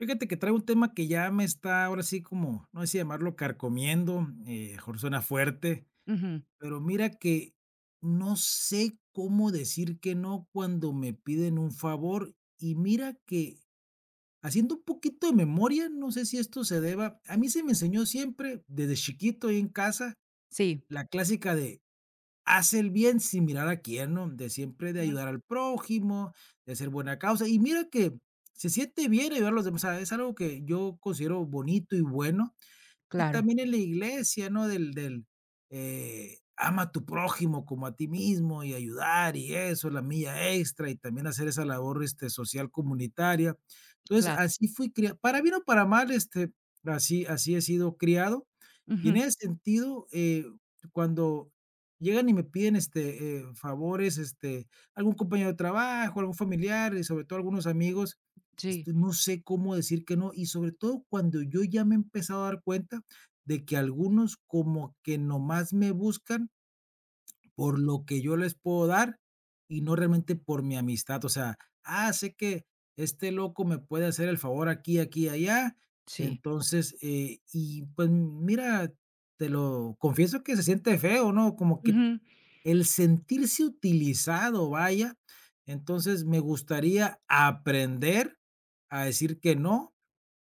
Fíjate que traigo un tema que ya me está ahora así como, no sé si llamarlo carcomiendo, eh, a lo mejor suena fuerte, Ujú. pero mira que, no sé cómo decir que no, cuando me piden un favor y mira que, haciendo un poquito de memoria, no sé si esto se deba A mí se me enseñó siempre, desde chiquito ahí en casa, Sí. la clásica de: "Haz el bien sin mirar a quién", ¿no?, de siempre de Ujú. ayudar al prójimo, de ser buena causa y mira que, mm, se siente bien ayudar a los demás. O sea, es algo que yo considero bonito y bueno, y Claro. también en la iglesia, ¿no?, del del, eh: "Ama a tu prójimo como a ti mismo, y ayudar y eso". La mía extra y también hacer esa labor este social comunitaria. Entonces, Claro. así fui criado para bien o para mal, este, así así he sido criado y en Ujú. ese sentido, eh, cuando llegan y me piden, este, eh, favores, este, algún compañero de trabajo, algún familiar y sobre todo, algunos amigos, Sí. este, no sé cómo decir, que no. Y sobre todo cuando yo ya me he empezado a dar cuenta de que algunos como que nomás me buscan por lo que yo les puedo dar y no realmente por mi amistad. O sea: "Ah, sé que, este loco me puede hacer el favor aquí, aquí y allá, Sí. entonces, eh". Y pues m mira, te lo confieso que se siente feo, ¿no?, como que t Ujú. el sentirse utilizado, vaya. Entonces, me gustaría aprender a decir que no,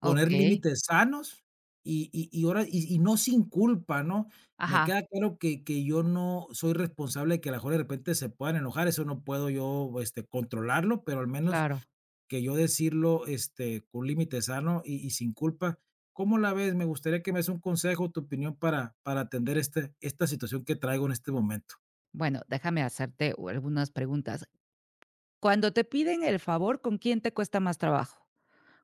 poner Okey. límites sanos, y y y ahora y y, no, sin culpa, ¿no? Me Ajá. queda claro que que yo no soy responsable de que a lo mejor y de repente se puedan enojar. Eso no puedo yo, este, controlarlo, pero al menos, Claro. que yo decirlo, este, con límite sano y y sin culpa. ¿Cómo la ves? Me gustaría que me des un consejo, tu opinión para para atender este esta situación que traigo en este momento. Bueno, déjame hacerte, uh, algunas preguntas. Cuando te piden el favor, ¿con quién te cuesta más trabajo?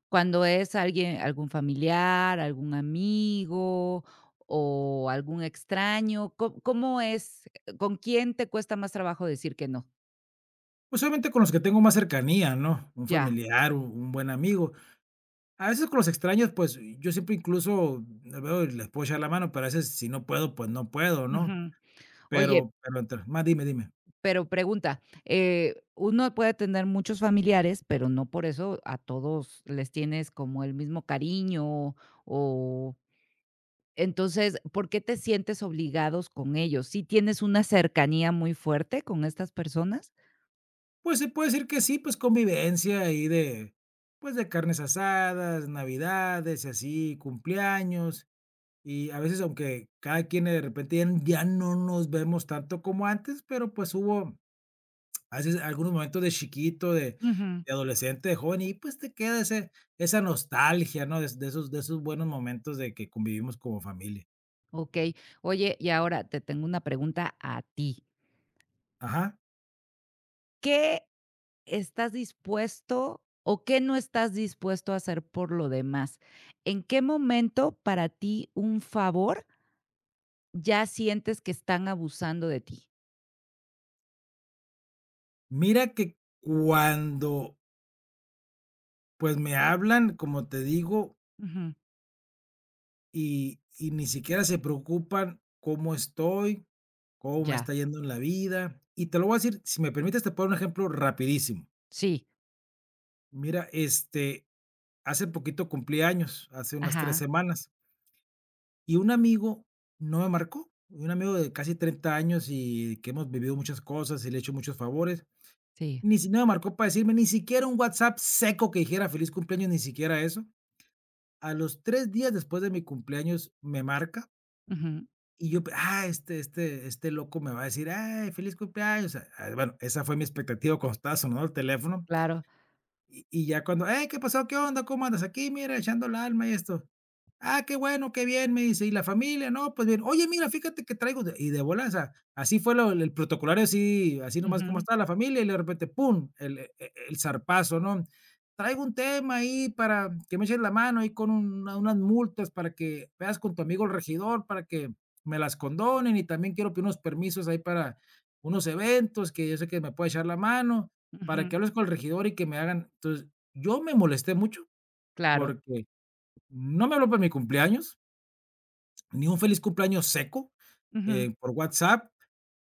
¿Cuándo es alguien- algún familiar, algún amigo o algún extraño? ¿Co cómo es? ¿Con quién te cuesta más trabajo decir que no? Pues, solamente con los que tengo más cercanía, ¿no?, un Ya. familiar, un un buen amigo, a veces con los extraños, pues, yo siempre incluso veo y les puedo echar la mano, pero a veces si no puedo, pues no puedo, ¿no?, Ujú. Oye pero pero entre, [unintelligible] dime dime- Pero pregunta, eh, uno puede tener muchos familiares, pero no por eso a todos les tienes como el mismo cariño o entonces, ¿por qué te sientes obligados con ellos?, ¿si tienes una cercanía muy fuerte con estas personas? Pues, se puede decir que sí. Pues, convivencia ahí de, pues de carnes asadas, navidades y así cumpleaños y a veces, aunque cada quien de repente ya no nos vemos tanto como antes, pero, pues hubo a veces algunos momentos de chiquito, de Ujú. de adolescente, de joven y pues te queda ese esa nostalgia, ¿no?, de de esos de esos buenos momentos de que convivimos como familia. Okey. Oye, y ahora, te tengo una pregunta a ti. Ajá. ¿Qué estás dispuesto, o qué no estás dispuesto a hacer por lo demás? ¿En qué momento para ti un favor? ¿ya sientes que están abusando de ti? Mira que cuando Pues, me hablan, como te digo Ujú. y y ni siquiera se preocupan cómo estoy, cómo me Ya. está yendo en la vida. Y te lo voy a decir Si me permites, te puedo dar un ejemplo rapidísimo. Sí. Mira, este, hace poquito cumplí años. Hace unas 3 Ajá. semanas. Y un amigo no me marcó. Un amigo de casi 30 años y que hemos vivido muchas cosas y le he hecho muchos favores. Sí. Ni si no me marcó para decirme Ni siquiera un WhatsApp, seco, que dijera: "Feliz cumpleaños", ni siquiera eso. A los 3 días, después de mi cumpleaños, me marca. Ujú. Y yo pe ah, este este este loco me va a decir: "Ay, feliz cumpleaños", eh, ay, bueno, esa fue mi expectativa cuando estaba sonando, el teléfono. Claro. Y y, ya cuando, ey, ¿qué pasó? ¿Qué onda? ¿Cómo andas? Aquí, mira, echando el alma y esto. "Ah, qué bueno, qué bien", me dice: "¿Y la familia? ¿No? Pues bien". "Oye, mira, fíjate que traigo de", y de volada, o sea, así fue lo el protocolario así así nomás como Ujú. esta la familia y de repente pum el e e el zarpazo, ¿no? "Traigo un tema ahí para que me eches la mano ahí con un unas multas para que veas con tu amigo el regidor para que me las condonen, y también quiero pedir unos permisos ahí para unos eventos que yo sé que me pueda echar la mano para que Ujú. hables con el regidor y que me hagan", entonces, yo me molesté mucho Claro. porque no me habló para mi cumpleaños. Ni un feliz cumpleaños seco, Ujú. eh, por WhatsApp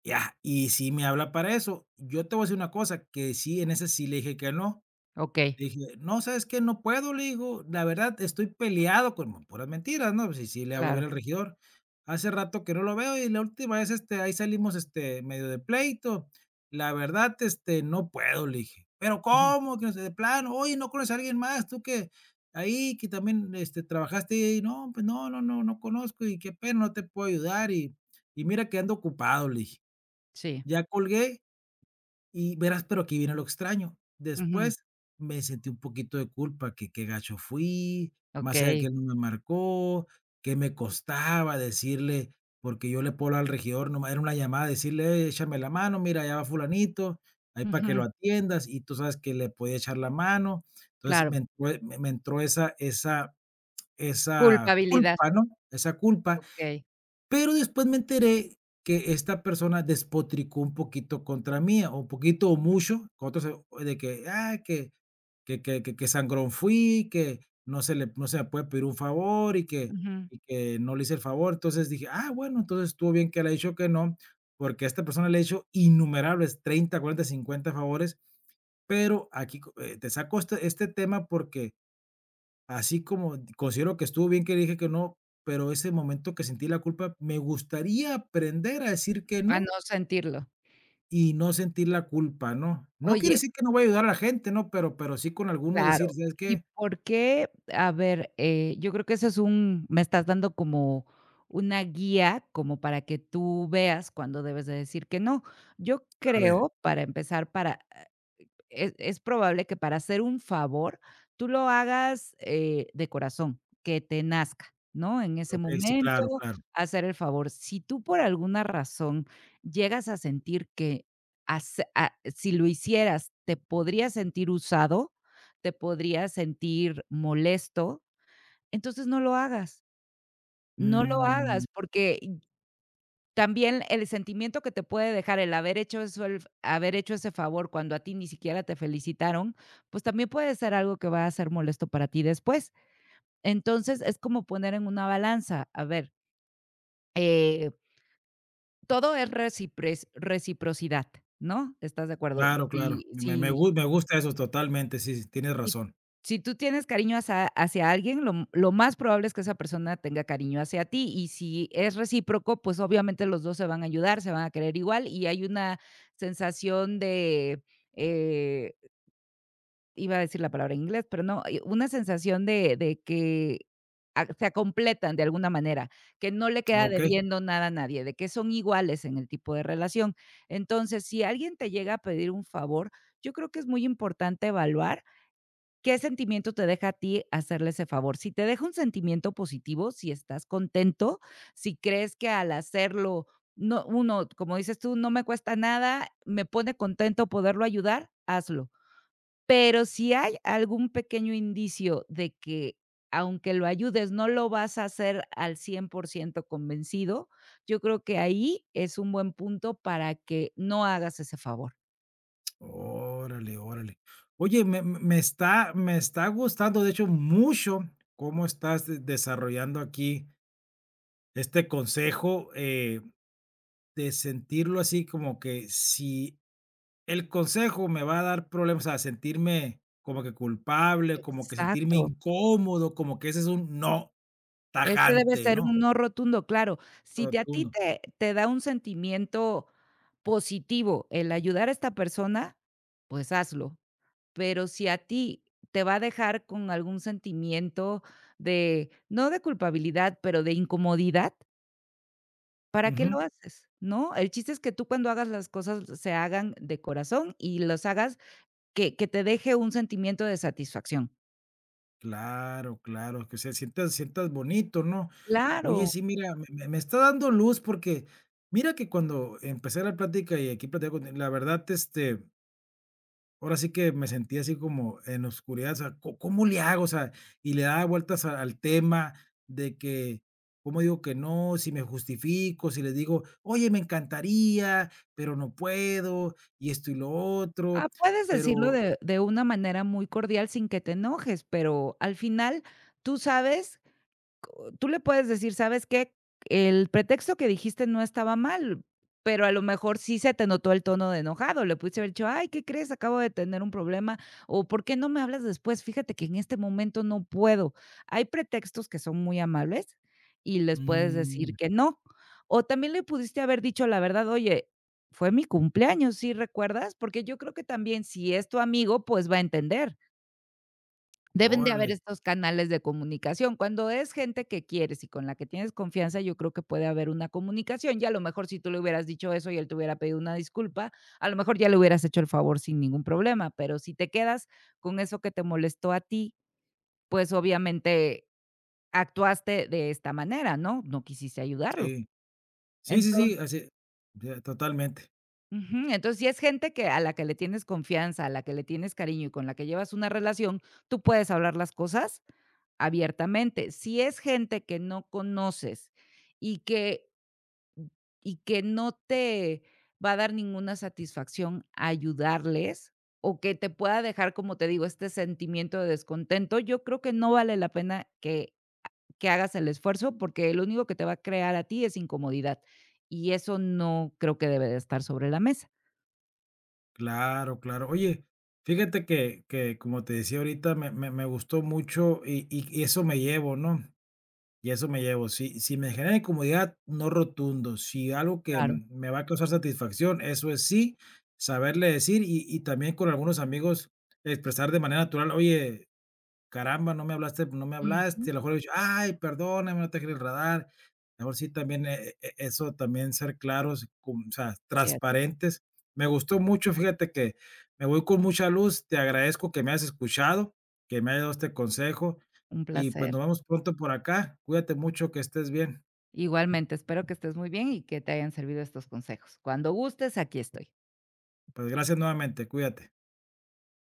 ya, y si me habla para eso. Yo te voy a decir una cosa que sí en ese sí le dije que no. Okey. Dije: "No, sé, es que no puedo", le digo. "La verdad, estoy peleado", con puras mentiras, ¿no? Sí, sí le hablo bien Claro. al regidor. "Hace rato que no lo veo. Y la última vez, este, ahí salimos, este, medio de pleito. La verdad, este, no puedo", le dije. Pero, Ujú. como que no sé de plano. "Oye, ¿no conoces a alguien más? Tú que ahí que también, este, trabajaste ahí". "No, pues no, no, no, no conozco y qué pena, no te puedo ayudar y y mira que ando ocupado", le dije, Sí. ya colgué y verás. Pero aquí viene lo extraño, Ujú. después me sentí un poquito de culpa que, qué gacho fui más allá que Okey. él no me marcó. Qué me costaba decirle porque yo le puedo hablar al regidor no más era 1 llamada decirle: "Échame la mano, mira, allá va Fulanito, ahí para que lo Ujú. atiendas", y tú sabes que le podía echar la mano. Entonces sí Claro. me [unintelligible] me me entró esa esa esa Culpabilidad. culpa, ¿no?, esa culpa Okey. pero después me enteré que esta persona despotricó un poquito contra mía o un poquito o mucho con otro sé de que ah, que que que que que sangrón fui, que no se le no se me puede pedir un favor y que Ujú. y que no le hice el favor. Entonces dije: "Ah, bueno", entonces estuvo bien que le ha dicho que no, porque a esta persona le ha hecho innumerables 30, 40, 50 favores. Pero aquí con eh, te saco este este tema porque así como considero que estuvo bien, que le dije que no, pero ese momento que sentí la culpa me gustaría aprender a decir que A no. no sentirlo. Y no sentir la culpa, ¿no?, no quiere Oye decir que no va a ayudar a la gente, ¿no?, pero pero sí con alguno decir: Claro. "¿sabes ¿Y qué?". por qué? A ver, eh, yo creo que ese es un me estás dando como una guía como para que tú veas cuando debes de decir que no. Yo A ver. creo, para empezar, para, ah, es es probable que para hacer un favor tú lo hagas, eh, de corazón que te nazca, ¿no?, en ese Okey, sí, momento claro, claro. hacer el favor. Si tú por alguna razón llegas a sentir que hace a si lo hicieras, te podrías sentir usado, te podrías sentir molesto, entonces no lo hagas. No lo Mm. hagas porque también el sentimiento que te puede dejar el haber hecho eso, el haber hecho ese favor cuando a ti ni siquiera te felicitaron, pues, también puede ser algo que va a ser molesto para ti después. Entonces es como poner en una balanza, a ver. Eh todo es recipres reciprocidad, ¿no? ¿Estás de acuerdo? Claro, claro. Sí, Me me me sí gu me gusta eso. Totalmente. Sí, sí, tienes Si, razón. si tú tienes cariño hacia hacia alguien, lo lo más probable es que esa persona tenga cariño hacia ti. Y si es recíproco, pues, obviamente los 2 se van a ayudar, se van a querer igual. Y hay una sensación de, eh, Iba a decir la palabra en inglés, pero no. Una sensación de de que a se completan de alguna manera, que no le queda Okey. debiendo nada a nadie, de que son iguales en el tipo de relación. Entonces, si alguien te llega a pedir un favor, yo creo que es muy importante evaluar qué sentimiento te deja a ti hacerle ese favor. Si te deja un sentimiento positivo, si estás contento, si crees que al hacerlo no uno, como dices tú, no me cuesta nada, me pone contento poderlo ayudar, hazlo. Pero si hay algún pequeño indicio de que, aunque lo ayudes, no lo vas a hacer al 100 % convencido, yo creo que ahí es un buen punto para que no hagas ese favor. Órale, órale. Oye, me me está me está gustando, de hecho, mucho cómo estás desarrollando aquí este consejo, eh, de sentirlo así como que si el consejo me va a dar problemas o sea, sentirme como que culpable como que sentirme Exacto. incómodo como que ese es un no Ese debe tajante, ser ¿no? un no rotundo. Claro, si te a ti Rotundo. te te da un sentimiento positivo el ayudar a esta persona, pues, hazlo. Pero si a ti te va a dejar con algún sentimiento de, no de culpabilidad, pero de incomodidad ¿para qué lo Ujú. haces?, ¿no? El chiste es que tú cuando hagas las cosas se hagan de corazón y los hagas que que te deje un sentimiento de satisfacción. Claro, claro que se sienta- sientas bonito, ¿no? Oye, Claro. sí, mira, me me me está dando luz porque mira que cuando empecé la plática y aquí platicando contigo la verdad este- Ahora sí que me sentí así como en oscuridad. O sea, ¿co cómo le hago? O sea Y le daba vueltas a al tema, de que: "Cómo digo que no, si me justifico", si le digo: "Oye, me encantaría, pero no puedo. Y esto y lo Ah, otro, puedes decirlo pero" de de una manera muy cordial, sin que te enojes. Pero al final, tú sabes, co Tú le puedes decir: "¿Sabes qué?". El pretexto que dijiste no estaba mal, pero a lo mejor sí se te notó el tono de enojado. Le pudiste haber dicho: "Ay, ¿qué crees? Acabo de tener un problema o por qué no me hablas después. Fíjate que en este momento no puedo". Hay pretextos que son muy amables y les puedes Mm. decir que no. O también le pudiste haber dicho la verdad: "Oye, fue mi cumpleaños, ¿sí, recuerdas?". Porque yo creo que también, si es tu amigo, pues va a entender. Debes de haber Órale. estos canales de comunicación. Cuando es gente que quieres y con la que tienes confianza, yo creo que puede haber una comunicación y a lo mejor si tú le hubieras dicho eso y él te hubiera pedido una disculpa, a lo mejor ya le hubieras hecho el favor sin ningún problema. Pero si te quedas con eso que te molestó a ti, pues obviamente actuaste de esta manera, ¿no?, no quisiste ayudarlo. Sí. Sí, sí, Entonces sí, así e [unintelligible] Totalmente. Ujú, entonces si es gente que a la que le tienes confianza, a la que le tienes cariño y con la que llevas una relación, tú puedes hablar las cosas abiertamente, si es gente que no conoces y que y que no te va a dar ninguna satisfacción ayudarles o que te pueda dejar, como te digo, este sentimiento de descontento, yo creo que no vale la pena que ha que hagas el esfuerzo, porque lo único que te va a crear a ti es incomodidad, y eso no creo que debe de estar sobre la mesa. Claro, claro. Oye, fíjate que que, como te decía ahorita, me me me gustó mucho y y y eso me llevo, ¿no?, y eso me llevo, si si me genera incomodidad, no rotundo, si algo que Claro. me va a causar satisfacción, eso es sí, saberle decir y y también con algunos amigos expresar de manera natural: "Oye, caramba, no me hablaste no me Ujú. hablaste", a lo mejor, haber dicho: "Ay, perdóname, no te quería enredar", luego sí, también e eso, también ser claros, cum o sea, Cierto. transparentes. Me gustó mucho, fíjate que, me voy con mucha luz, te agradezco que me hayas escuchado, que me hayas dado este consejo Un y pues placer. nos vamos pronto por acá, cuídate mucho, que estés bien. Igualmente, espero que estés muy bien y que te hayan servido estos consejos, cuando gustes, aquí estoy. Pues gracias nuevamente, cuídate.